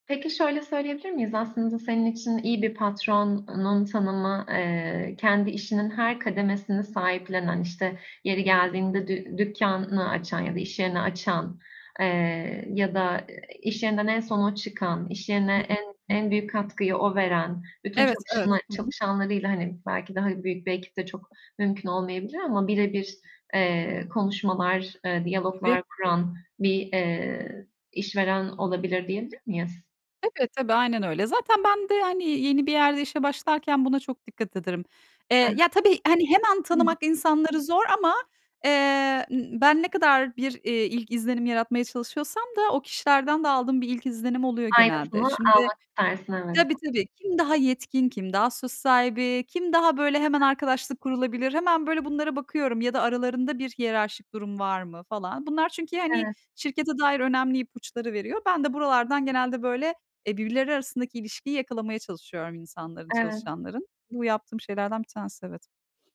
Peki şöyle söyleyebilir miyiz? Aslında senin için iyi bir patronun tanımı, eee, kendi işinin her kademesini sahiplenen, işte yeri geldiğinde dü dükkânını açan ya da iş yerini açan, eee, ya da iş yerinden en son o çıkan, iş Hı yerine hı. en, en büyük katkıyı o veren, bütün Evet, evet. çalışan Hı hı. çalışanlarıyla hani, belki daha büyük bir ekip de çok mümkün olmayabilir ama bire Hı bir, hı. eee, konuşmalar, eee, Tabii. diyaloglar kuran bir, eee, işveren olabilir diyebilir miyiz? Tabii, tabii aynen öyle. Zaten ben de hani, yeni bir yerde işe başlarken buna çok dikkat ederim. Hı hı. Eee, ya tabii, hani hemen Hı. tanımak insanları zor ama, eee, ben ne kadar bir, eee, ilk izlenim yaratmaya çalışıyorsam da o kişilerden de aldığım bir ilk izlenim oluyor genelde. Aynısını Şimdi almak istersin, evet. tabii tabii, kim daha yetkin, kim daha söz sahibi, kim daha böyle Hı hemen hı. arkadaşlık kurulabilir, hemen böyle bunlara bakıyorum ya da aralarında bir hiyerarşik durum var mı falan, bunlar çünkü hani Evet. şirkete dair önemli ipuçları veriyor. Ben de buralardan genelde böyle, eee, birbirleri arasındaki ilişkiyi yakalamaya çalışıyorum insanların, Evet. çalışanların. Bu yaptığım şeylerden bir tanesi evet.